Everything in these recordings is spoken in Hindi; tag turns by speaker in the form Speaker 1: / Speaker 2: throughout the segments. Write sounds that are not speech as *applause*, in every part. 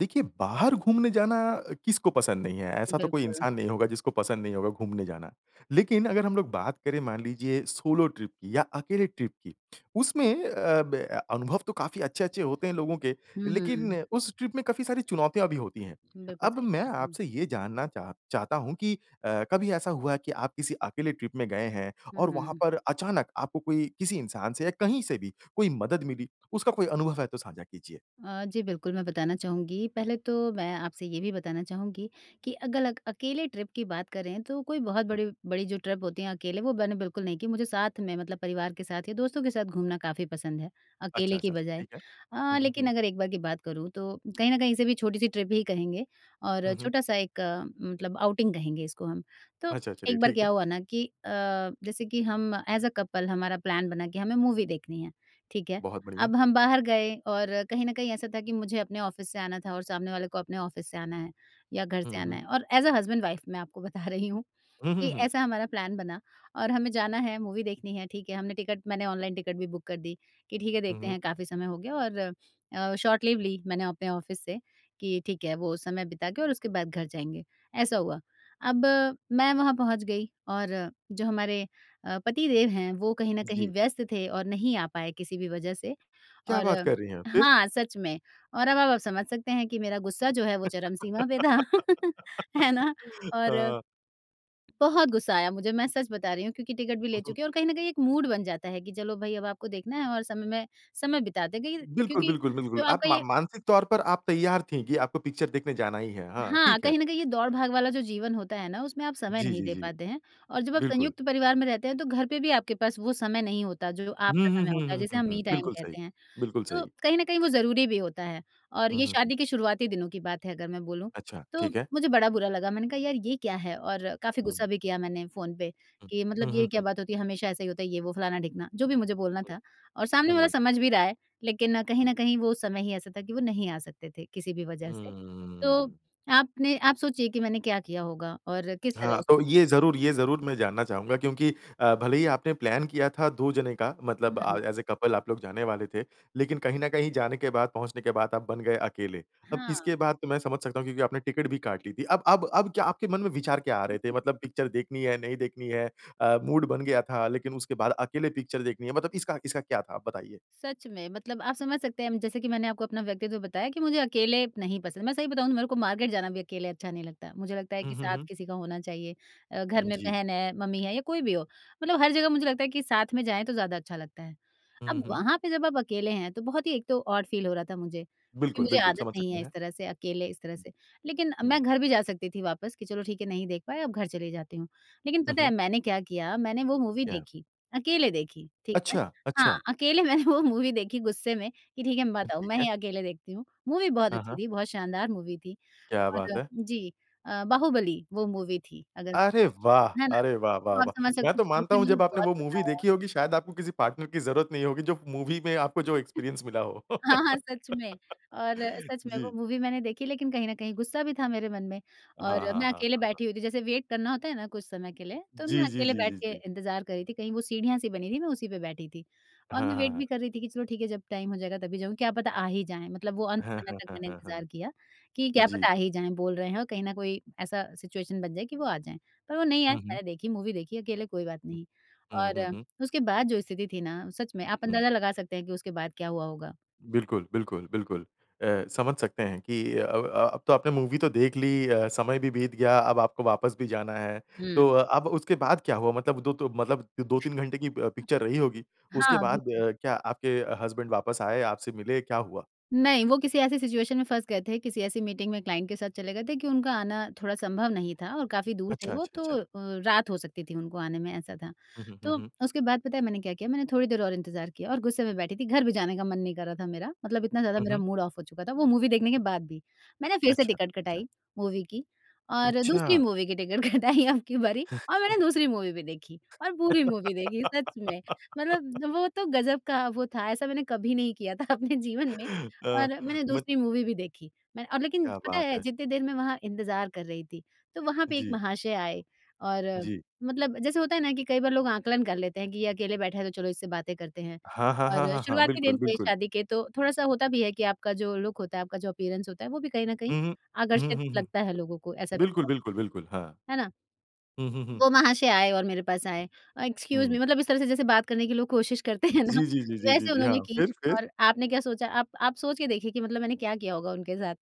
Speaker 1: देखिए, बाहर घूमने जाना किसको पसंद नहीं है ऐसा तो कोई
Speaker 2: बिल्कुल।
Speaker 1: इंसान नहीं होगा जिसको पसंद नहीं होगा घूमने जाना। लेकिन अगर हम लोग बात करें मान लीजिए सोलो ट्रिप की या अकेले ट्रिप की उसमें अ, ब अनुभव तो काफ़ी अच्छे-अच्छे होते हैं लोगों के
Speaker 2: हुँ, हुँ,
Speaker 1: लेकिन
Speaker 2: हुँ।
Speaker 1: उस ट्रिप में काफ़ी सारी चुनौतियाँ भी होती हैं।
Speaker 2: बिल्कुल
Speaker 1: अब
Speaker 2: सही।
Speaker 1: मैं
Speaker 2: हुँ।
Speaker 1: आपसे ये जानना चाह चाहता हूँ कि अ, कभी ऐसा हुआ है कि आप किसी अकेले ट्रिप में गए हैं
Speaker 2: हुँ,
Speaker 1: और वहाँ
Speaker 2: हुँ।
Speaker 1: पर अचानक आपको कोई किसी इंसान से या कहीं से भी कोई मदद मिली। उसका कोई अनुभव है तो साझा कीजिए?
Speaker 2: अ, जी, बिल्कुल मैं बताना चाहूँगी पहले तो मैं आपसे ये भी बताना चाहूँगी कि अगलक अकेले ट्रिप की बात करें तो कोई बहुत
Speaker 1: हुँ।
Speaker 2: बड़ी बड़ी जो ट्रिप होती है अकेले वो मैंने बिल्कुल नहीं की। मुझे साथ में मतलब परिवार के साथ या दोस्तों के साथ घूमना काफ़ी पसंद है,
Speaker 1: अच्छा,
Speaker 2: अकेले की
Speaker 1: अच्छा, अच्छा
Speaker 2: बजाय।
Speaker 1: ठीक है।
Speaker 2: हाँ,
Speaker 1: हुँ, हुँ,
Speaker 2: लेकिन
Speaker 1: हुँ।
Speaker 2: अगर एक बार की बात करूँ तो कहीं न कहीं से भी छोटी-सी ट्रिप ही कहेंगे और
Speaker 1: हुँ, हुँ।
Speaker 2: छोटा-सा एक मतलब आउटिंग कहेंगे इसको हम। तो
Speaker 1: अच्छा, चलिए
Speaker 2: एक बार
Speaker 1: ठीक है।
Speaker 2: क्या हुआ ना कि अ, जैसे कि हम एज़ अ कपल हमारा प्लान बना के हमें मूवी देखनी है। ठीक है?
Speaker 1: बहुत बढ़िया।
Speaker 2: अब हम बाहर गए और कहीं न कहीं ऐसा था कि मुझे अपने ऑफिस से आना था और सामने वाले को अपने ऑफिस से आना है या घर
Speaker 1: हुँ,
Speaker 2: से आना
Speaker 1: हुँ।
Speaker 2: है। और एज़ अ हस्बैंड वाइफ मैं आपको बता रही हूँ
Speaker 1: हुँ,
Speaker 2: कि
Speaker 1: हुँ, हुँ।
Speaker 2: ऐसा हमारा प्लान बना और हमें जाना है मूवी देखनी है। ठीक है? हमने टिकट मैंने ऑनलाइन टिकट भी बुक कर दी कि ठीक है,
Speaker 1: हुँ,
Speaker 2: देखते
Speaker 1: हुँ।
Speaker 2: हैं काफ़ी समय हो गया और अ, शॉर्ट लीव ली मैंने अपने ऑफिस से कि ठीक है वो समय बिता के और उसके बाद घर जाएँगे, ऐसा हुआ। अब मैं वहाँ पहुँच गई और जो हमारे अ, पति देव हैं वो कहीं न कहीं
Speaker 1: जी।
Speaker 2: व्यस्त थे और नहीं आ पाए किसी भी वजह से।
Speaker 1: क्या
Speaker 2: और
Speaker 1: बात कर रही हैं आप, फ़िर?
Speaker 2: हाँ, सच में और अब आप समझ सकते हैं कि मेरा गुस्सा जो है वो चरम सीमा पे था *laughs* है ना?
Speaker 1: *laughs*
Speaker 2: और
Speaker 1: हाँ।
Speaker 2: बहुत गुस्सा आया मुझे। मैं सच बता रही हूँ क्योंकि टिकट भी
Speaker 1: हुँ,
Speaker 2: ले
Speaker 1: हुँ।
Speaker 2: चुकी है और कहीं न कहीं एक मूड बन जाता है कि चलो भाई अब आपको देखना है और समय मैं समय बिता ते। देखिए
Speaker 1: बिल्कुल,
Speaker 2: क्योंकि
Speaker 1: बिल्कुल, बिल्कुल।
Speaker 2: जो
Speaker 1: आप
Speaker 2: आपका
Speaker 1: मा
Speaker 2: ये
Speaker 1: मानसिक तौर पर आप तैयार थे कि आपको पिक्चर देखने जाना ही है। हाँ,
Speaker 2: हाँ,
Speaker 1: ठीक है।
Speaker 2: कहीं न कहीं ये दौड़-भाग वाला जो जीवन होता है ना उसमें आप समय
Speaker 1: जी,
Speaker 2: नहीं
Speaker 1: जी,
Speaker 2: दे
Speaker 1: जी।
Speaker 2: पाते हैं। और जब आप
Speaker 1: बिल्कुल।
Speaker 2: संयुक्त परिवार में रहते हैं तो घर पे भी आपके पास वो समय नहीं होता, जो
Speaker 1: हुँ,
Speaker 2: आपका
Speaker 1: हुँ,
Speaker 2: समय
Speaker 1: हुँ,
Speaker 2: होता है
Speaker 1: हुँ,
Speaker 2: जिसे
Speaker 1: हुँ,
Speaker 2: हम
Speaker 1: हुँ।
Speaker 2: मी टाइम
Speaker 1: बिल्कुल सही।
Speaker 2: कहते हैं।
Speaker 1: बिल्कुल
Speaker 2: तो
Speaker 1: सही।
Speaker 2: कहीं न कहीं वो ज़रूरी भी होता है और
Speaker 1: हुँ,
Speaker 2: ये
Speaker 1: हुँ, हुँ।
Speaker 2: शादी के शुरुआती दिनों की बात है अगर मैं बोलूँ।
Speaker 1: अच्छा
Speaker 2: तो
Speaker 1: ठीक है।
Speaker 2: मुझे बड़ा बुरा लगा, मैंने कहा, "यार ये क्या है?" और काफ़ी
Speaker 1: हुँ।
Speaker 2: गुस्सा भी किया मैंने फ़ोन पे
Speaker 1: हुँ।
Speaker 2: कि मतलब
Speaker 1: हुँ,
Speaker 2: ये
Speaker 1: हुँ,
Speaker 2: क्या
Speaker 1: हुँ।
Speaker 2: बात होती है? हमेशा ऐसा ही होता है ये वो फलाना-ढिकना, जो भी मुझे बोलना
Speaker 1: हुँ।
Speaker 2: था और सामने वाला
Speaker 1: हुँ।
Speaker 2: समझ भी रहा है। लेकिन कहीं
Speaker 1: हुँ।
Speaker 2: न कहीं वो समय ही ऐसा था कि वो नहीं आ सकते थे किसी भी वजह से। तो
Speaker 1: हम्म।
Speaker 2: आपने आप सोचिए कि मैंने क्या किया होगा और किस
Speaker 1: हाँ,
Speaker 2: तरह उस
Speaker 1: अ, ये ज़रूर ये ज़रूर मैं जानना चाहूँगा क्योंकि अ, भले ही आपने प्लान किया था दो जने का मतलब अ,
Speaker 2: हुँ।
Speaker 1: एज़ अ कपल आप लोग जाने वाले थे। लेकिन कहीं न कहीं जाने के बाद, पहुँचने के बाद आप बन गए अकेले। अब
Speaker 2: हाँ।
Speaker 1: इसके बाद तो मैं समझ सकता हूँ क्योंकि आपने टिकट भी काट ली थी। अब अब अब क्या आपके मन में विचार क्या आ रहे थे? मतलब पिक्चर देखनी है, नहीं देखनी है। अ, मूड बन गया था लेकिन उसके बाद अकेले पिक्चर देखनी है। मतलब इसका इसका क्या था? आप बताइए।
Speaker 2: सच में मतलब आप समझ सकते हैं जैसे कि मैंने आपको अपना व्यक्तित्व बताया कि मुझे अकेले नहीं पसंद। मैं सही बताऊँ तो मेरे को मार्केट जाना भी अकेले अच्छा नहीं लगता, मुझे लगता है
Speaker 1: हुँ,
Speaker 2: कि
Speaker 1: हुँ,
Speaker 2: साथ
Speaker 1: हुँ।
Speaker 2: किसी का होना चाहिए अ, घर
Speaker 1: उम,
Speaker 2: में
Speaker 1: जी।
Speaker 2: बहन है, मम्मी है या कोई भी हो। मतलब हर जगह मुझे लगता है कि साथ में जाएँ तो ज़्यादा अच्छा लगता है।
Speaker 1: हुँ, हुँ
Speaker 2: अब
Speaker 1: हुँ।
Speaker 2: वहाँ पे जब आप अकेले हैं तो बहुत ही एक तो ऑड फील हो रहा था मुझे कि
Speaker 1: बिल्कुल,
Speaker 2: मुझे
Speaker 1: बिल्कुल।
Speaker 2: आदत
Speaker 1: समझ
Speaker 2: नहीं
Speaker 1: सकते
Speaker 2: है इस
Speaker 1: हैं।
Speaker 2: तरह से अकेले इस तरह से। लेकिन
Speaker 1: हुँ।
Speaker 2: मैं घर भी जा सकती थी वापस कि चलो ठीक है नहीं देख पाए अब घर चली जाती हूँ। लेकिन
Speaker 1: हुँ,
Speaker 2: पता
Speaker 1: हुँ।
Speaker 2: है मैंने क्या किया मैंने वो मूवी
Speaker 1: क्या?
Speaker 2: देखी अकेले देखी। ठीक है?
Speaker 1: अच्छा,
Speaker 2: हाँ,
Speaker 1: अच्छा।
Speaker 2: अकेले मैंने वो मूवी देखी गुस्से में, कि ठीक है मत आओ,
Speaker 1: ठीक
Speaker 2: मैं
Speaker 1: है।
Speaker 2: ही अकेले देखती हूँ मूवी बहुत
Speaker 1: हाँ,
Speaker 2: अच्छी
Speaker 1: हाँ।
Speaker 2: थी, बहुत शानदार मूवी थी।
Speaker 1: क्या बात
Speaker 2: और
Speaker 1: है!
Speaker 2: जी अ, बाहुबली वो मूवी थी अगर
Speaker 1: अरे वाह!
Speaker 2: है ना?
Speaker 1: अरे वाह, वाह,
Speaker 2: तो आप
Speaker 1: वाह!
Speaker 2: समझ
Speaker 1: मैं
Speaker 2: सकते हो
Speaker 1: तो मानता
Speaker 2: देखने में
Speaker 1: हूँ
Speaker 2: मुझे
Speaker 1: जब आपने
Speaker 2: बहुत
Speaker 1: वो
Speaker 2: मज़ा
Speaker 1: मूवी
Speaker 2: आया।
Speaker 1: देखी होगी शायद आपको किसी पार्टनर की ज़रूरत नहीं होगी। जो मूवी में आपको जो एक्सपीरियंस मिला हो।
Speaker 2: हाँ, हाँ सच
Speaker 1: *laughs*
Speaker 2: में और सच में वो
Speaker 1: जी।
Speaker 2: मूवी मैंने देखी लेकिन कहीं न कहीं गुस्सा भी था मेरे मन में।
Speaker 1: हाँ,
Speaker 2: और
Speaker 1: हाँ, हाँ,
Speaker 2: मैं अकेले
Speaker 1: हाँ, हाँ।
Speaker 2: बैठे हुई थी जैसे वेट करना होता है ना कुछ समय के लिए, तो मैं
Speaker 1: जी, जी,
Speaker 2: अकेले
Speaker 1: जी,
Speaker 2: बैठ
Speaker 1: जी,
Speaker 2: के
Speaker 1: जी।
Speaker 2: इंतज़ार कर रही थी कहीं वो सीढ़ियाँ सी बनी थी मैं उसी पे बैठी थी। और
Speaker 1: हाँ,
Speaker 2: मैं
Speaker 1: हाँ,
Speaker 2: वेट
Speaker 1: हाँ।
Speaker 2: भी कर रही थी कि चलो ठीक है जब टाइम हो जाएगा तभी जाऊँगी क्या पता आ ही जाएँ। मतलब वो अंत
Speaker 1: हाँ,
Speaker 2: समय
Speaker 1: हाँ,
Speaker 2: तक
Speaker 1: हाँ,
Speaker 2: मैंने
Speaker 1: हाँ, हाँ।
Speaker 2: इंतज़ार किया कि क्या
Speaker 1: जी।
Speaker 2: पता आ ही जाएँ, बोल रहे हैं और कहीं ना कोई ऐसा सिचुएशन बन जाए कि वो आ जाएँ। पर वो नहीं आए
Speaker 1: हुँ, हुँ।
Speaker 2: मैंने देखी मूवी देखी अकेले कोई बात नहीं।
Speaker 1: हुँ,
Speaker 2: और
Speaker 1: हुँ, हुँ।
Speaker 2: उसके बाद जो स्थिति थी ना सच में आप
Speaker 1: हुँ।
Speaker 2: अंदाज़ा लगा सकते हैं कि उसके बाद क्या हुआ होगा?
Speaker 1: बिल्कुल, बिल्कुल, बिल्कुल। अ, समझ सकते हैं कि अ अ, अब तो आपने मूवी तो देख ली, अ, समय भी बीत गया, अब आपको वापस भी जाना है।
Speaker 2: हुँ।
Speaker 1: तो अब उसके बाद क्या हुआ मतलब दो तो मतलब 2-3 घंटे की अ, पिक्चर रही होगी। उसके
Speaker 2: हाँ,
Speaker 1: बाद
Speaker 2: बिल्कुल।
Speaker 1: क्या आपके हसबैंड वापस आए, आपसे मिले क्या हुआ?
Speaker 2: नहीं, वो किसी ऐसी सिचुएशन में फँस गए थे, किसी ऐसी मीटिंग में क्लाइंट के साथ चले गए थे कि उनका आना थोड़ा संभव नहीं था और काफ़ी दूर थे
Speaker 1: अच्छा,
Speaker 2: वो
Speaker 1: अच्छा,
Speaker 2: तो
Speaker 1: अच्छा।
Speaker 2: अ, रात हो सकती थी उनको आने में ऐसा था।
Speaker 1: हुँ, हुँ, हुँ,
Speaker 2: तो
Speaker 1: हुँ।
Speaker 2: उसके बाद पता है मैंने क्या किया? मैंने थोड़ी देर और इंतज़ार किया और गुस्से में बैठी थी, घर भी जाने का मन नहीं कर रहा था मेरा। मतलब इतना ज़्यादा
Speaker 1: हुँ,
Speaker 2: मेरा
Speaker 1: हुँ।
Speaker 2: मूड ऑफ हो चुका था वो मूवी देखने के बाद भी। मैंने फ़िर से
Speaker 1: अच्छा,
Speaker 2: टिकट
Speaker 1: अच्छा।
Speaker 2: कटाई मूवी की और दूसरी
Speaker 1: अच्छा!
Speaker 2: मूवी की टिकट कटाई अबकी बारी और मैंने
Speaker 1: *chuckles*
Speaker 2: दूसरी मूवी भी देखी और पूरी मूवी देखी सच में।
Speaker 1: *laughs*
Speaker 2: मतलब वो तो गज़ब का वो था, ऐसा मैंने कभी नहीं किया था अपने जीवन में
Speaker 1: *chuckles* अ,
Speaker 2: और मैंने
Speaker 1: मत
Speaker 2: दूसरी मूवी भी देखी। मैंने अब लेकिन
Speaker 1: क्या
Speaker 2: पता
Speaker 1: बात
Speaker 2: है
Speaker 1: है!
Speaker 2: जितनी देर मैं वहाँ इंतज़ार कर रही थी तो वहाँ पे एक
Speaker 1: जी।
Speaker 2: महाशय आए और
Speaker 1: जी।
Speaker 2: मतलब जैसे होता है ना कि कई बार लोग आकलन कर लेते हैं कि ये अकेले बैठा है तो चलो इससे बातें करते हैं।
Speaker 1: हाँ, हाँ, हाँ,
Speaker 2: और
Speaker 1: हाँ, हाँ।
Speaker 2: शुरुआती
Speaker 1: बिल्कुल,
Speaker 2: दिन थे
Speaker 1: बिल्कुल।
Speaker 2: शादी के तो थोड़ा-सा होता भी है कि आपका जो लुक होता है, आपका जो अपीयरेंस होता है वो भी कहीं न कहीं
Speaker 1: हुँ, हुँ। हुँ,
Speaker 2: आकर्षित
Speaker 1: हुँ, हुँ।
Speaker 2: लगता है लोगों को। ऐसा भी
Speaker 1: बिल्कुल,
Speaker 2: होता
Speaker 1: बिल्कुल, बिल्कुल। हाँ।
Speaker 2: है। है ना?
Speaker 1: हुँ, हुँ, हुँ।
Speaker 2: वो महाशय आए और मेरे पास आए। अ, एक्सक्यूज़
Speaker 1: हुँ।
Speaker 2: मी मतलब इस तरह से जैसे बात करने की लोग कोशिश करते हैं ना
Speaker 1: जी, जी, जी, जी, जी,
Speaker 2: वैसे
Speaker 1: जी। हाँ,
Speaker 2: उन्होंने की।
Speaker 1: फ़िर फ़िर?
Speaker 2: और आपने क्या सोचा आप आप सोच के देखिए कि मतलब मैंने क्या किया होगा उनके साथ?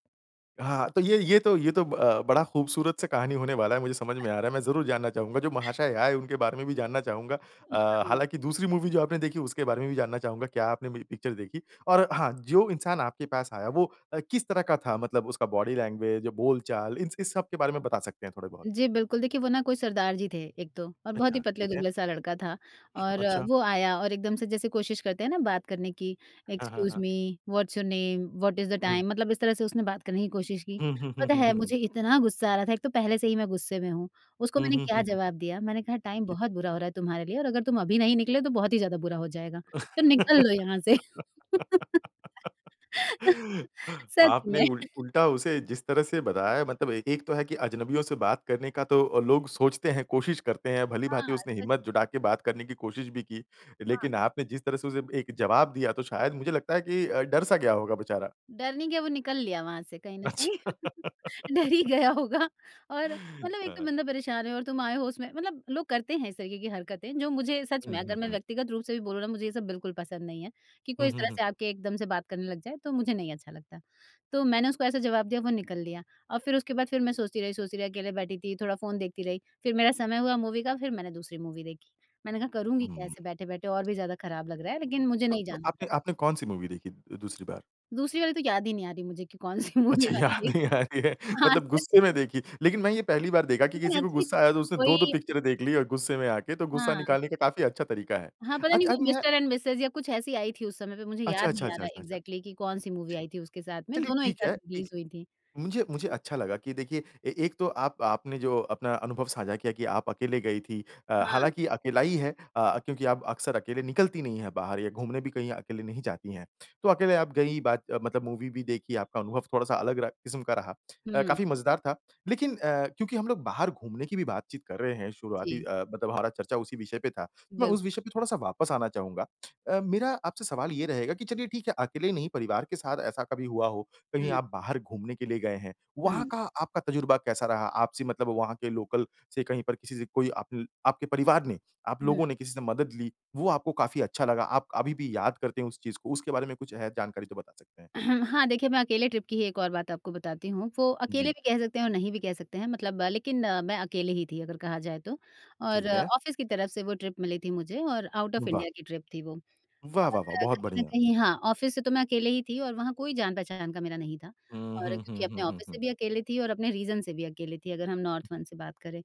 Speaker 1: हाँ, तो ये ये तो ये तो अ, बड़ा ख़ूबसूरत से कहानी होने वाला है मुझे समझ में आ रहा है। मैं जरूर जानना चाहूँगा जो महाशय आए उनके बारे में भी जानना चाहूँगा
Speaker 2: उ,
Speaker 1: अ,
Speaker 2: हुँ।
Speaker 1: हालाँकि दूसरी मूवी जो आपने देखी उसके बारे में भी जानना चाहूँगा क्या आपने में पिक्चर देखी? और हाँ, जो इंसान आपके पास आया वो अ, किस तरह का था मतलब उसका बॉडी लैंग्वेज बोलचाल इन्स इस सब के बारे में बता सकते हैं थोड़े बहुत?
Speaker 2: जी, बिल्कुल, देखिए वो ना कोई सरदार जी थे एक तो, और बहुत
Speaker 1: अच्छा,
Speaker 2: ही पतले
Speaker 1: ठीक है।
Speaker 2: दुबले-सा लड़का था, और
Speaker 1: अच्छा।
Speaker 2: वो आया और एकदम से जैसे कोशिश करते हैं ना बात करने की
Speaker 1: हाँ, हाँ,
Speaker 2: "एक्सक्यूज़
Speaker 1: हाँ।
Speaker 2: Me, what's your name? What is the
Speaker 1: हुँ।
Speaker 2: टाइम?" मतलब इस तरह से उसने बात करने की कोशिश की,
Speaker 1: हुँ, हुँ, हुँ,
Speaker 2: पता
Speaker 1: हुँ,
Speaker 2: है,
Speaker 1: हुँ, हुँ।
Speaker 2: मुझे इतना गुस्सा आ रहा था एक तो पहले से ही मैं गुस्से में हूँ उसको
Speaker 1: हुँ,
Speaker 2: मैंने
Speaker 1: हुँ, हुँ,
Speaker 2: क्या
Speaker 1: हुँ, हुँ।
Speaker 2: जवाब दिया, मैंने कहा, "टाइम
Speaker 1: ओके।
Speaker 2: बहुत बुरा हो रहा है तुम्हारे लिए और अगर तुम अभी नहीं निकले तो बहुत ही ज़्यादा बुरा हो जाएगा तो निकल लो यहाँ से।" *laughs*
Speaker 1: *laughs*
Speaker 2: सच
Speaker 1: आपने
Speaker 2: में।
Speaker 1: उल उल्टा उसे जिस तरह से बताया है मतलब एक एक तो है कि अजनबियों से बात करने का तो लोग सोचते हैं, कोशिश करते हैं।
Speaker 2: हाँ,
Speaker 1: भली-भाँति उसने
Speaker 2: सच।
Speaker 1: हिम्मत जुटा के बात करने की कोशिश भी की,
Speaker 2: हाँ।
Speaker 1: लेकिन आपने जिस तरह से उसे एक जवाब दिया तो शायद मुझे लगता है कि अ, डर सा गया होगा बेचारा।
Speaker 2: डर नहीं गया वो निकल लिया वहाँ से कहीं ना कहीं,
Speaker 1: अच्छा।
Speaker 2: डर ही गया होगा और मतलब एक तो
Speaker 1: हाँ।
Speaker 2: बंदा परेशान है और तुम आए हो उसमें मतलब लोग करते हैं इस तरीके की हरकतें जो मुझे सच में
Speaker 1: हुँ,
Speaker 2: अगर
Speaker 1: हुँ,
Speaker 2: मैं
Speaker 1: हुँ।
Speaker 2: व्यक्तिगत रूप से भी बोलूँ ना मुझे ये सब बिल्कुल पसंद नहीं है कि कोई
Speaker 1: हुँ,
Speaker 2: इस
Speaker 1: हुँ,
Speaker 2: तरह
Speaker 1: हुँ,
Speaker 2: से
Speaker 1: हुँ।
Speaker 2: आके एकदम से बात करने लग जाए तो मुझे नहीं अच्छा लगता। तो मैंने उसको ऐसा जवाब दिया वो निकल लिया, और फिर उसके बाद फिर मैं सोचती रही सोचती रही अकेले बैठी थी थोड़ा फ़ोन देखती रही फिर मेरा समय हुआ मूवी का फिर मैंने दूसरी मूवी देखी मैंने कहा करूँगी क्या
Speaker 1: हुँ।
Speaker 2: ऐसे बैठे बैठे और भी ज़्यादा ख़राब लग रहा है लेकिन मुझे
Speaker 1: तो
Speaker 2: नहीं
Speaker 1: तो
Speaker 2: जाना घर।
Speaker 1: आपने आपने कौन-सी मूवी देखी दूसरी बार?
Speaker 2: दूसरी वाली तो याद ही नहीं आ रही मुझे कि कौन-सी मूवी
Speaker 1: अच्छा
Speaker 2: मैंने
Speaker 1: याद नहीं
Speaker 2: देखी।
Speaker 1: आ रही है।
Speaker 2: हाँ
Speaker 1: मतलब
Speaker 2: सच
Speaker 1: गुस्से में
Speaker 2: में।
Speaker 1: देखी लेकिन मैं ये पहली बार देखा कि
Speaker 2: लेकिन
Speaker 1: किसी को
Speaker 2: अच्छी
Speaker 1: गुस्सा आया तो
Speaker 2: थी।
Speaker 1: उसने 2-2
Speaker 2: कोई
Speaker 1: पिक्चरें देख ली और गुस्से में आके तो गुस्सा
Speaker 2: हाँ।
Speaker 1: निकालने का काफ़ी अच्छा तरीका है।
Speaker 2: हाँ, पता नहीं
Speaker 1: अच्छा
Speaker 2: वो
Speaker 1: अम, या
Speaker 2: मिस्टर एंड मिसेज़ या कुछ ऐसी आई थी उस समय पे मुझे
Speaker 1: अच्छा,
Speaker 2: याद
Speaker 1: अच्छा,
Speaker 2: नहीं आ
Speaker 1: अच्छा,
Speaker 2: रहा
Speaker 1: अच्छा, अच्छा।
Speaker 2: इग्ज़ैक्ट्ली कि कौन-सी मूवी
Speaker 1: जी।
Speaker 2: आई थी उसके साथ में
Speaker 1: चलिए,
Speaker 2: दोनों एक
Speaker 1: ठीक
Speaker 2: साथ
Speaker 1: है,
Speaker 2: रिलीज़
Speaker 1: ठीक
Speaker 2: हुई थीं,
Speaker 1: मुझे मुझे
Speaker 2: जी।
Speaker 1: अच्छा लगा कि देखिए ए एक तो आप आपने जो अपना अनुभव साझा किया कि आप अकेले गई थी अ,
Speaker 2: हाँ।
Speaker 1: हालाँकि अकेला ही है अ, क्योंकि आप अक्सर अकेले निकलती नहीं है बाहर या घूमने भी कहीं अकेले नहीं जाती हैं। तो अकेले आप गई बात मतलब मूवी भी देखी, आपका अनुभव थोड़ा-सा अलग रहा किस्म का रहा। अ,
Speaker 2: हुँ।
Speaker 1: काफ़ी मज़ेदार था लेकिन अ, क्योंकि हम लोग बाहर घूमने की भी बातचीत कर रहे हैं शुरुआती
Speaker 2: जी।
Speaker 1: अ, मतलब हमारा चर्चा उसी विषय पे था मैं
Speaker 2: बिल
Speaker 1: उस विषय पे थोड़ा-सा वापस आना चाहूँगा। अ, मेरा आपसे सवाल ये रहेगा कि चलिए ठीक है, अकेले ही नहीं परिवार के साथ ऐसा कभी हुआ हो, कहीं
Speaker 2: हुँ।
Speaker 1: आप बाहर घूमने के लिए गए हैं। वहाँ
Speaker 2: हुँ।
Speaker 1: का आपका तज़ुर्बा कैसा रहा? आपसे मतलब वहाँ के लोकल से कहीं पर किसी से कोई आपन आपके परिवार ने, आप
Speaker 2: हुँ।
Speaker 1: लोगों ने किसी से मदद ली, वो आपको काफ़ी अच्छा लगा। आप अभी भी याद करते हैं उस चीज़ को, उसके बारे में कुछ है जानकारी है तो बता सकते हैं?
Speaker 2: *clears throat* हाँ, देखिए मैं अकेले ट्रिप की ही एक और बात आपको बताती हूँ। वो अकेले
Speaker 1: जी।
Speaker 2: भी कह सकते हैं और नहीं भी कह सकते हैं मतलब लेकिन मैं अकेले ही थी अगर कहा जाए तो। और
Speaker 1: ठीक है।
Speaker 2: ऑफिस की तरफ से वो ट्रिप मिली थी मुझे और आउट ऑफ
Speaker 1: वाह!
Speaker 2: इंडिया की ट्रिप थी वो।
Speaker 1: वाह,
Speaker 2: और
Speaker 1: वाह, वाह, बहुत
Speaker 2: कहीं न
Speaker 1: बढ़िया!
Speaker 2: कहीं हाँ, ऑफिस से तो मैं अकेले ही थी और वहाँ कोई जान-पहचान का मेरा नहीं था
Speaker 1: हुँ,
Speaker 2: और
Speaker 1: हुँ,
Speaker 2: क्योंकि
Speaker 1: हुँ, हुँ,
Speaker 2: अपने
Speaker 1: हुँ,
Speaker 2: ऑफिस से
Speaker 1: हुँ।
Speaker 2: भी अकेले थी और अपने रीजन से भी अकेले थी अगर हम नॉर्थ वन से बात करें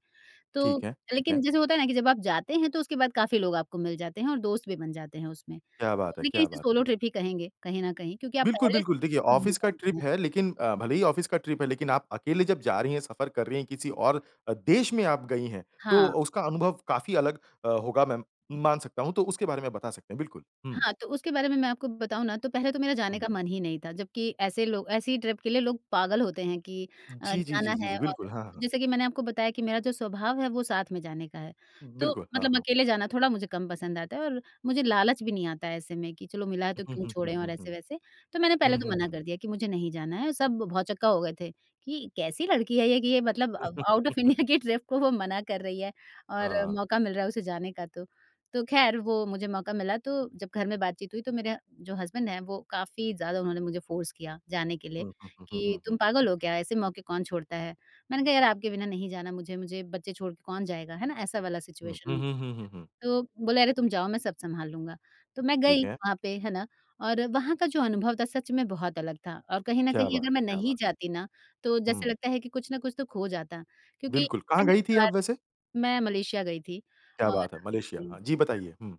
Speaker 2: तो
Speaker 1: ठीक है, ठीक है।
Speaker 2: लेकिन जैसे होता है ना कि जब आप जाते हैं तो उसके बाद काफ़ी लोग आपको मिल जाते हैं और दोस्त भी बन जाते हैं उसमें।
Speaker 1: क्या
Speaker 2: तो
Speaker 1: बात है!
Speaker 2: लेकिन
Speaker 1: क्या
Speaker 2: इसे
Speaker 1: बात
Speaker 2: सोलो
Speaker 1: है!
Speaker 2: ट्रिप ही कहेंगे कहीं न कहीं, क्योंकि आप
Speaker 1: बिल्कुल,
Speaker 2: पहले से
Speaker 1: बिल्कुल देखिए
Speaker 2: किसी को नहीं
Speaker 1: ऑफ़िस का
Speaker 2: जानते
Speaker 1: ट्रिप
Speaker 2: हैं।
Speaker 1: है लेकिन अ, भले ही ऑफ़िस की ट्रिप है लेकिन आप अकेले जब जा रही हैं सफ़र कर रही है किसी और अ, देश में आप गई हैं तो
Speaker 2: हाँ।
Speaker 1: उसका अनुभव काफ़ी अलग अ, होगा मैं मान सकता हूँ। तो उसके बारे में बता सकते हैं। बिल्कुल, हुँ।
Speaker 2: हाँ, तो उसके बारे में मैं आपको बताऊँ ना, तो पहले तो मेरा जाने
Speaker 1: हुँ।
Speaker 2: का मन ही नहीं था, जबकि ऐसे लोग, ऐसी ट्रिप के लिए लोग पागल होते हैं कि अ,
Speaker 1: जी, जी, जी,
Speaker 2: जाना
Speaker 1: जी,
Speaker 2: है
Speaker 1: जी।
Speaker 2: और
Speaker 1: बिल्कुल, हाँ, हाँ।
Speaker 2: जैसे कि मैंने आपको बताया कि मेरा जो स्वभाव है, वो साथ में जाने का है, तो
Speaker 1: बिल्कुल। हाँ,
Speaker 2: मतलब
Speaker 1: हाँ।
Speaker 2: अकेले जाना थोड़ा मुझे कम पसंद आता है और मुझे लालच भी नहीं आता है ऐसे में कि चलो मिला है तो
Speaker 1: हुँ,
Speaker 2: क्यों
Speaker 1: हुँ, हुँ,
Speaker 2: छोड़ें
Speaker 1: हुँ,
Speaker 2: और
Speaker 1: हुँ।
Speaker 2: ऐसे-वैसे। तो मैंने पहले
Speaker 1: हुँ,
Speaker 2: तो
Speaker 1: हुँ,
Speaker 2: मना
Speaker 1: हुँ।
Speaker 2: कर दिया कि मुझे नहीं जाना है। सब भौचक्का हो गए थे कि कैसी लड़की है ये कि ये मतलब अ, आउट ऑफ़
Speaker 1: *chuckles*
Speaker 2: इंडिया के ट्रिप को वो मना कर रही है और
Speaker 1: हाँ।
Speaker 2: मौका मिल रहा है उसे जाने का तो। तो ख़ैर वो मुझे मौका मिला तो जब घर में बातचीत हुई तो मेरा जो हस्बैंड है, वो काफ़ी ज़्यादा उन्होंने मुझे फोर्स किया जाने के लिए,
Speaker 1: हुँ, हुँ, हुँ,
Speaker 2: कि
Speaker 1: हुँ, हुँ।
Speaker 2: तुम पागल हो क्या, ऐसे मौके कौन छोड़ता है? मैंने कहा, यार आपके बिना नहीं जाना मुझे मुझे बच्चे छोड़ के कौन जाएगा है ना? ऐसा वाला
Speaker 1: हुँ,
Speaker 2: सिचुएशन
Speaker 1: हुँ,
Speaker 2: हो गया था।
Speaker 1: हुँ, हुँ, हुँ।
Speaker 2: तो बोला अरे तुम जाओ मैं सब संभाल लूँगा। तो मैं
Speaker 1: ठीक
Speaker 2: गई
Speaker 1: है।
Speaker 2: वहाँ पे है ना और वहाँ का जो अनुभव था सच में बहुत अलग था, और कहीं न
Speaker 1: क्या
Speaker 2: कहीं
Speaker 1: बात
Speaker 2: अगर
Speaker 1: है!
Speaker 2: मैं
Speaker 1: क्या
Speaker 2: नहीं
Speaker 1: बात है!
Speaker 2: जाती ना तो जैसे
Speaker 1: हुँ।
Speaker 2: लगता है कि कुछ न कुछ तो खो जाता क्योंकि
Speaker 1: बिल्कुल। कहाँ
Speaker 2: पहली
Speaker 1: गई थी
Speaker 2: बार
Speaker 1: आप वैसे?
Speaker 2: मैं मलेशिया गई थी,
Speaker 1: क्या
Speaker 2: और
Speaker 1: बात है, मलेशिया।
Speaker 2: जी
Speaker 1: हाँ, जी बताइए। हुँ।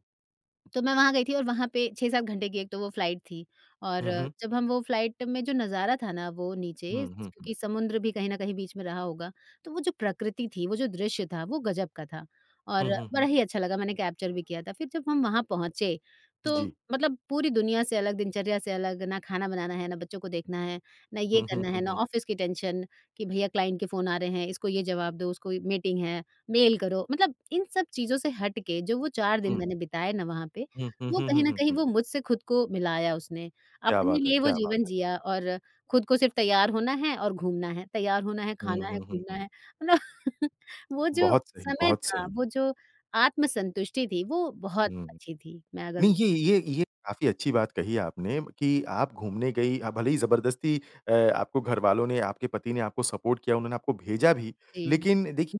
Speaker 2: तो मैं वहाँ गई थी और वहाँ पे 6-7 घंटे की एक तो वो फ्लाइट थी और
Speaker 1: हुँ, हुँ।
Speaker 2: जब हम वो फ्लाइट में जो नज़ारा था ना वो नीचे स
Speaker 1: हुँ, हुँ, हुँ।
Speaker 2: क्योंकि समुद्र भी कहीं न कहीं बीच में रहा होगा। तो वो जो प्रकृति थी वो जो दृश्य था वो ग़ज़ब का था। और
Speaker 1: हुँ, हुँ,
Speaker 2: बड़ा
Speaker 1: हुँ।
Speaker 2: ही अच्छा लगा मैंने कैप्चर भी किया था फिर जब हम वहाँ पहुँचे तो
Speaker 1: जी।
Speaker 2: मतलब पूरी दुनिया से अलग दिनचर्या से अलग ना खाना बनाना है ना बच्चों को देखना है ना ये
Speaker 1: हुँ, हुँ,
Speaker 2: करना
Speaker 1: हुँ,
Speaker 2: है ना
Speaker 1: हुँ।
Speaker 2: ऑफ़िस की टेंशन कि भैया क्लाइंट के फ़ोन आ रहे हैं इसको ये जवाब दो उसको मीटिंग है, मेल करो, मतलब इन सब चीज़ों से हट के जो वो 4 दिन
Speaker 1: हुँ।
Speaker 2: मैंने बिताए ना वहाँ पे
Speaker 1: हुँ, हुँ,
Speaker 2: वो
Speaker 1: हुँ,
Speaker 2: कहीं
Speaker 1: हुँ,
Speaker 2: न
Speaker 1: हुँ,
Speaker 2: कहीं
Speaker 1: हुँ।
Speaker 2: वो मुझसे ख़ुद को मिलाया उसने
Speaker 1: क्या
Speaker 2: अपने
Speaker 1: बात है!
Speaker 2: लिए वो
Speaker 1: क्या बात
Speaker 2: जीवन
Speaker 1: है!
Speaker 2: जिया और ख़ुद को सिर्फ़ तैयार होना है और घूमना है तैयार होना है
Speaker 1: हुँ,
Speaker 2: खाना है
Speaker 1: हुँ, हुँ,
Speaker 2: घूमना
Speaker 1: हुँ।
Speaker 2: है मतलब। वो जो
Speaker 1: बहुत सही,
Speaker 2: समय
Speaker 1: बहुत
Speaker 2: था
Speaker 1: सही।
Speaker 2: वो जो आत्मसंतुष्टि थी वो बहुत
Speaker 1: हुँ।
Speaker 2: अच्छी थी। मैं अगर
Speaker 1: नहीं ये ये ये काफ़ी अच्छी बात कही आपने, कि आप घूमने गई अ, भले ही ज़बरदस्ती अ, आपको घरवालों ने आपके पति ने आपको सपोर्ट किया उन्होंने आपको भेजा भी।
Speaker 2: जी।
Speaker 1: लेकिन देखिए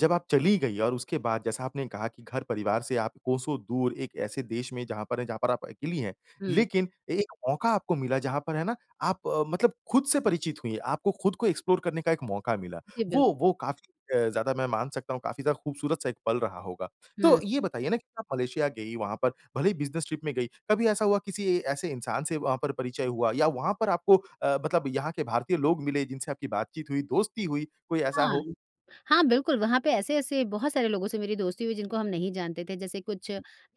Speaker 1: जब आप चली गई और उसके बाद जैसा आपने कहा कि घर परिवार से आप कोसो दूर एक ऐसे देश में जहाँ पर हैं, जहाँ पर आप अकेली हैं।
Speaker 2: हुँ।
Speaker 1: लेकिन एक मौका आपको मिला जहाँ पर है ना आप मतलब ख़ुद से परिचित हुई हैं। आपको ख़ुद को एक्सप्लोर करने का एक मौका मिला।
Speaker 2: जी, बिल्क
Speaker 1: वो वो काफ़ी अ, ज़्यादा मैं मान सकता हूँ काफ़ी ज़्यादा ख़ूबसूरत सा एक पल रहा होगा। तो
Speaker 2: हुँ।
Speaker 1: ये बताइए ना कि आप मलेशिया गई वहाँ पर भले ही बिजनेस ट्रिप में गई। कभी ऐसा हुआ किसी ऐसे इंसान से वहाँ पर परिचय हुआ या वहाँ पर आपको अ, मतलब यहाँ के भारतीय लोग मिले जिनसे आपकी बातचीत हुई, दोस्ती हुई, कोई ऐसा
Speaker 2: हाँ।
Speaker 1: हो?
Speaker 2: हाँ, बिल्कुल वहाँ पे ऐसे-ऐसे बहुत सारे लोगों से मेरी दोस्ती हुई है जिनको हम नहीं जानते थे। जैसे कुछ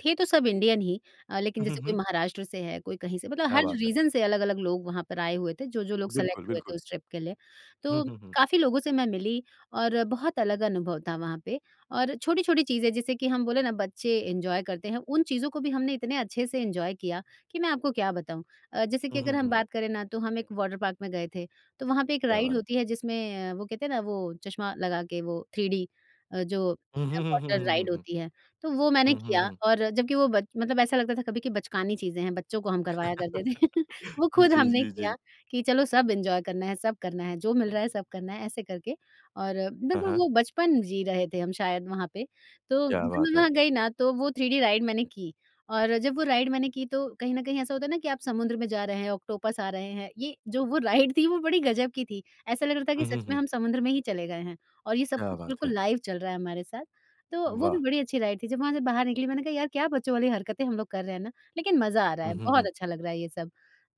Speaker 2: थे तो सब इंडियन ही अ,
Speaker 1: उ,
Speaker 2: लेकिन
Speaker 1: हुँ,
Speaker 2: जैसे कोई
Speaker 1: हुँ।
Speaker 2: महाराष्ट्र से है, कोई कहीं से मतलब
Speaker 1: क्या
Speaker 2: हर
Speaker 1: बात है!
Speaker 2: रीजन से अलग-अलग लोग वहाँ पर आए हुए थे जो-जो लोग
Speaker 1: बिल्कुल,
Speaker 2: सेलेक्ट हुए
Speaker 1: बिल्कुल।
Speaker 2: थे उस ट्रिप के लिए।
Speaker 1: हुँ,
Speaker 2: तो
Speaker 1: हुँ, हुँ।
Speaker 2: काफ़ी लोगों से मैं मिली और बहुत अलग अनुभव था वहाँ पे और छोटी-छोटी चीज़ें जैसे कि हम बोलें ना, बच्चे एन्जॉय करते हैं, उन चीज़ों को भी हमने इतने अच्छे से एन्जॉय किया कि मैं आपको क्या बताऊँ। अ, जैसे
Speaker 1: हुँ,
Speaker 2: कि
Speaker 1: हुँ,
Speaker 2: अगर हम
Speaker 1: हुँ।
Speaker 2: बात करें ना, तो हम एक वॉटर पार्क में गए थे, तो वहाँ पे एक
Speaker 1: क्या बात
Speaker 2: राइड
Speaker 1: है।
Speaker 2: होती है जिसमें वो कहते हैं ना, वो चश्मा लगा के वो थ्री डी अ, जो
Speaker 1: हुँ, हुँ, हुँ, हुँ,
Speaker 2: वाटर
Speaker 1: हुँ,
Speaker 2: राइड
Speaker 1: हुँ, हुँ।
Speaker 2: होती है। तो वो मैंने
Speaker 1: हुँ, हुँ,
Speaker 2: किया
Speaker 1: हुँ।
Speaker 2: और जबकि वो बच्च मतलब ऐसा लगता था कभी कि बचकानी चीज़ें हैं, बच्चों को हम करवाया करते थे
Speaker 1: *laughs*
Speaker 2: वो ख़ुद
Speaker 1: जी,
Speaker 2: हमने
Speaker 1: जी,
Speaker 2: किया
Speaker 1: जी।
Speaker 2: कि चलो सब एन्जॉय करना है, सब करना है जो मिल रहा है सब करना है ऐसे करके। और
Speaker 1: हाँ,
Speaker 2: बिल्कुल
Speaker 1: हाँ।
Speaker 2: वो बचपन जी रहे थे हम शायद वहाँ पे, तो
Speaker 1: क्या
Speaker 2: जब
Speaker 1: बात
Speaker 2: मैं
Speaker 1: है।
Speaker 2: वहाँ गई ना तो वो थ्री डी राइड मैंने की और जब वो राइड मैंने की तो कहीं ना कहीं ऐसा होता है ना कि आप समुद्र में जा रहे हैं, ऑक्टोपस आ रहे हैं। ये जो वो राइड थी वो बड़ी ग़ज़ब की थी, ऐसा लग रहा था कि
Speaker 1: हुँ, हुँ,
Speaker 2: सच में
Speaker 1: हुँ।
Speaker 2: हम समुद्र में ही चले गए हैं और ये सब
Speaker 1: क्या
Speaker 2: कुछ
Speaker 1: बात है।
Speaker 2: बिल्कुल लाइव चल रहा है हमारे साथ। तो वो भी
Speaker 1: वाह!
Speaker 2: बड़ी अच्छी राइड थी। जब वहाँ से बाहर निकली मैंने कहा, "यार क्या बच्चों वाली हरकतें हम लोग कर रहे हैं ना लेकिन मज़ा आ रहा
Speaker 1: हुँ,
Speaker 2: है
Speaker 1: हुँ,
Speaker 2: बहुत
Speaker 1: हुँ।
Speaker 2: अच्छा लग रहा है ये सब।"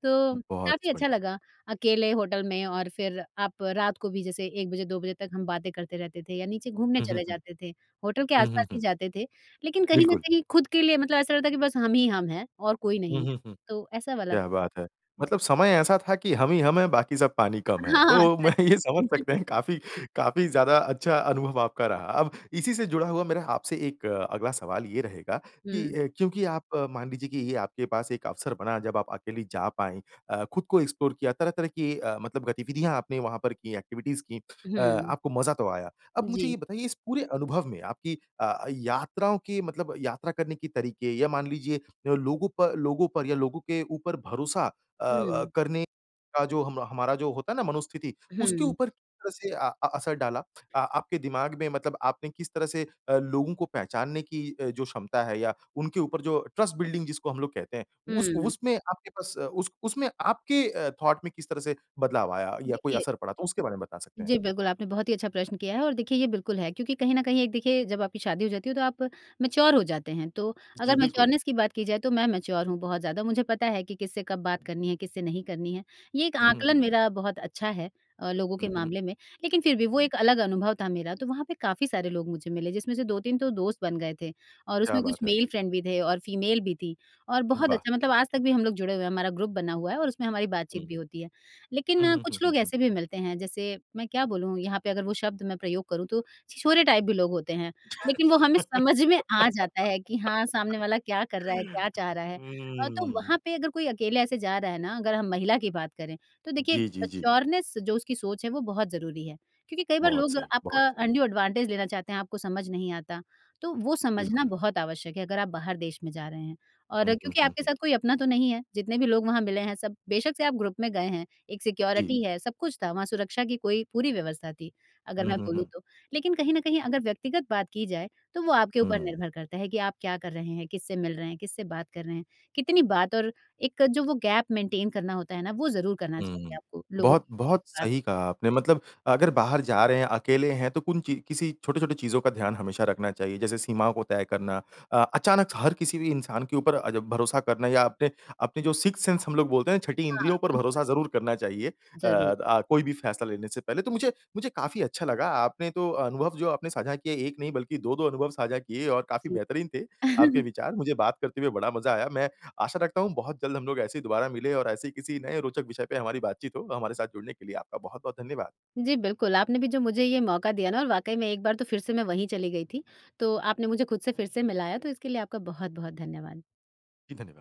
Speaker 2: तो
Speaker 1: बहुत स
Speaker 2: काफ़ी
Speaker 1: बढ़िया।
Speaker 2: अच्छा लगा अकेले होटल में और फिर आप रात को भी जैसे 1 बजे 2 बजे तक हम बातें करते रहते थे या नीचे घूमने
Speaker 1: हुँ, हुँ,
Speaker 2: चले
Speaker 1: हुँ।
Speaker 2: जाते थे होटल के आस
Speaker 1: हुँ, हुँ,
Speaker 2: पास ही
Speaker 1: हुँ।
Speaker 2: जाते थे लेकिन कहीं न
Speaker 1: बिल्कुल।
Speaker 2: कहीं ख़ुद के लिए मतलब ऐसा लगता है कि बस हम ही हम हैं और कोई
Speaker 1: हुँ,
Speaker 2: नहीं है
Speaker 1: हुँ, हुँ।
Speaker 2: तो ऐसा वाला
Speaker 1: क्या बात है?
Speaker 2: जी।
Speaker 1: मतलब समय ऐसा था कि हम ही हम हैं बाकी सब पानी कम हैं।
Speaker 2: हाँ, हाँ, हाँ,
Speaker 1: तो मैं
Speaker 2: सच
Speaker 1: ये समझ सकते हैं कि
Speaker 2: में।
Speaker 1: काफ़ी काफ़ी ज़्यादा अच्छा अनुभव आपका रहा। अब इसी से जुड़ा हुआ मेरा आपसे एक अगला सवाल ये रहेगा कि
Speaker 2: हुँ।
Speaker 1: अ, क्योंकि आप मान लीजिए कि ये आपके पास एक अवसर बना जब आप अकेली जा पाईं अ, ख़ुद को एक्सप्लोर किया तरह तरह की अ, मतलब गतिविधियाँ आपने वहाँ पर कीं, एक्टिविटीज कीं अ,
Speaker 2: हुँ।
Speaker 1: आपको मज़ा तो आया। अब मुझे ये
Speaker 2: जी।
Speaker 1: बताइए इस पूरे अनुभव में आपकी अ, यात्राओं की मतलब यात्रा करने के तरीके या मान लीजिए लोगों पर लोगों पर या लोगों के ऊपर भरोसा अ अ,
Speaker 2: हुँ।
Speaker 1: करने का जो हम हमारा जो होता है ना मनोस्थिति, उसके
Speaker 2: हुँ।
Speaker 1: ऊपर किस तरह से अ अ, असर डाला, अ, आपके दिमाग में मतलब आपने किस तरह से अ, लोगों को पहचानने की अ, जो क्षमता है या उनके ऊपर जो ट्रस्ट बिल्डिंग जिसको हम लोग कहते हैं, उस
Speaker 2: हुँ।
Speaker 1: उसमें आपके पास उस उसमें आपके अ, थॉट में किस तरह से बदलाव आया या कोई
Speaker 2: देखिए
Speaker 1: असर पड़ा तो उसके बारे में बता सकते हैं?
Speaker 2: जी बिल्कुल, आपने बहुत ही अच्छा प्रश्न किया है और देखिए ये बिल्कुल है। क्योंकि कहीं न कहीं एक देखिए जब आपकी शादी हो जाती है तो आप मैच्योर हो जाते हैं तो
Speaker 1: जी,
Speaker 2: अगर
Speaker 1: बिल्कुल।
Speaker 2: मैच्योरनेस की बात की जाए तो मैं मैच्योर हूँ बहुत ज़्यादा मुझे पता है कि किससे कब बात करनी है किससे नहीं करनी है ये एक
Speaker 1: हुँ, हुँ,
Speaker 2: आंकलन
Speaker 1: हुँ।
Speaker 2: मेरा बहुत अच्छा है अ, लोगों के
Speaker 1: हुँ, हुँ।
Speaker 2: मामले में। लेकिन फिर भी वो
Speaker 1: हुँ।
Speaker 2: एक अलग अनुभव था मेरा तो वहाँ पे काफ़ी सारे लोग मुझे मिले जिसमें से 2-3 तो दोस्त बन गए थे। और
Speaker 1: क्या
Speaker 2: उसमें कुछ
Speaker 1: बात है।
Speaker 2: मेल फ्रेंड भी थे और फ़ीमेल भी थी और
Speaker 1: उ,
Speaker 2: बहुत
Speaker 1: वाह!
Speaker 2: अच्छा मतलब आज तक भी हम लोग जुड़े हुए हैं, हमारा ग्रुप बना हुआ है और उसमें हमारी बातचीत
Speaker 1: हुँ।
Speaker 2: भी होती है।
Speaker 1: हुँ,
Speaker 2: लेकिन
Speaker 1: हुँ,
Speaker 2: कुछ
Speaker 1: हुँ,
Speaker 2: लोग
Speaker 1: हुँ।
Speaker 2: ऐसे भी मिलते हैं जैसे मैं क्या बोलूँ यहाँ पे अगर वो शब्द मैं प्रयोग करूँ तो छिछोरे टाइप भी लोग होते हैं लेकिन वो हमें समझ में आ जाता है कि हाँ सामने वाला क्या कर रहा है? क्या
Speaker 1: *laughs*
Speaker 2: चाह रहा है? अ, तो वहाँ
Speaker 1: हुँ।
Speaker 2: पे अगर कोई अकेले ऐसे जा रहा है ना अगर हम महिला की बात करें तो देखिए,
Speaker 1: जी, जी, जी।
Speaker 2: मैच्योरनेस जो उसकी सोच है वो बहुत ज़रूरी है क्योंकि कई बार
Speaker 1: बहुत
Speaker 2: लोग
Speaker 1: सही, बहुत
Speaker 2: आपका
Speaker 1: सही।
Speaker 2: अंड्यू एडवांटेज लेना चाहते हैं आपको समझ नहीं आता, तो वो समझना
Speaker 1: बिल्कुल।
Speaker 2: बहुत आवश्यक है अगर आप बाहर देश में जा रहे हैं। और
Speaker 1: हुँ, हुँ,
Speaker 2: क्योंकि
Speaker 1: हुँ,
Speaker 2: आपके
Speaker 1: हुँ।
Speaker 2: साथ कोई अपना तो नहीं है जितने भी लोग वहाँ मिले हैं सब बेशक से आप ग्रुप में गए हैं एक
Speaker 1: जी।
Speaker 2: सिक्योरिटी है सब कुछ था वहाँ सुरक्षा की कोई पूरी व्यवस्था थी अगर
Speaker 1: हुँ,
Speaker 2: मैं
Speaker 1: हुँ,
Speaker 2: बोलूँ
Speaker 1: हुँ।
Speaker 2: तो। लेकिन कहीं न कहीं अगर व्यक्तिगत बात की जाए तो वो आपके ऊपर
Speaker 1: हुँ।
Speaker 2: निर्भर करता है कि आप क्या कर रहे हैं? किससे मिल रहे हैं? किससे बात कर रहे हैं? कितनी बात और एक जो वो गैप मेंटेन करना होता है ना वो ज़रूर करना चाहिए
Speaker 1: हुँ।
Speaker 2: आपको लोगों
Speaker 1: बहुत
Speaker 2: के बीच
Speaker 1: बहुत
Speaker 2: बात
Speaker 1: सही कहा आपने मतलब अगर बाहर जा रहे हैं अकेले हैं तो कुन चीज़ किसी छोटे-छोटे चीज़ों का ध्यान हमेशा रखना चाहिए। जैसे सीमाओं को तय करना अ, अचानक हर किसी भी इंसान के ऊपर अ, भरोसा करना या अपने अपने जो सिक्स्थ सेंस हम लोग बोलते हैं ना छठी
Speaker 2: हाँ,
Speaker 1: इंद्रियों पर
Speaker 2: बिल्कुल।
Speaker 1: भरोसा ज़रूर करना चाहिए। अ,
Speaker 2: ज़रूर।
Speaker 1: द कोई भी फ़ैसला लेने से पहले, तो मुझे मुझे काफ़ी अच्छा लगा आपने तो अनुभव जो आपने साझा किए एक नहीं बल्कि दो-दो अनुभव साझा किए और काफ़ी
Speaker 2: जी।
Speaker 1: बेहतरीन थे आपके
Speaker 2: *chuckles*
Speaker 1: विचार मुझे बात करके भी बड़ा मज़ा आया। मैं आशा रखता हूँ बहुत जल्द हम लोग ऐसे ही दोबारा मिलें और ऐसे ही किसी नए रोचक विषय पे हमारी बातचीत हो, हमारे साथ जुड़ने के लिए आपका बहुत-बहुत धन्यवाद।
Speaker 2: जी, बिल्कुल, आपने भी जो मुझे ये मौका दिया ना और वाक़ई में एक बार तो फिर से मैं वहीं चली गई थी, तो आपने मुझे ख़ुद से फिर से मिलाया तो इसके लिए आपका बहुत-बहुत धन्यवाद।
Speaker 1: जी, धन्यवाद।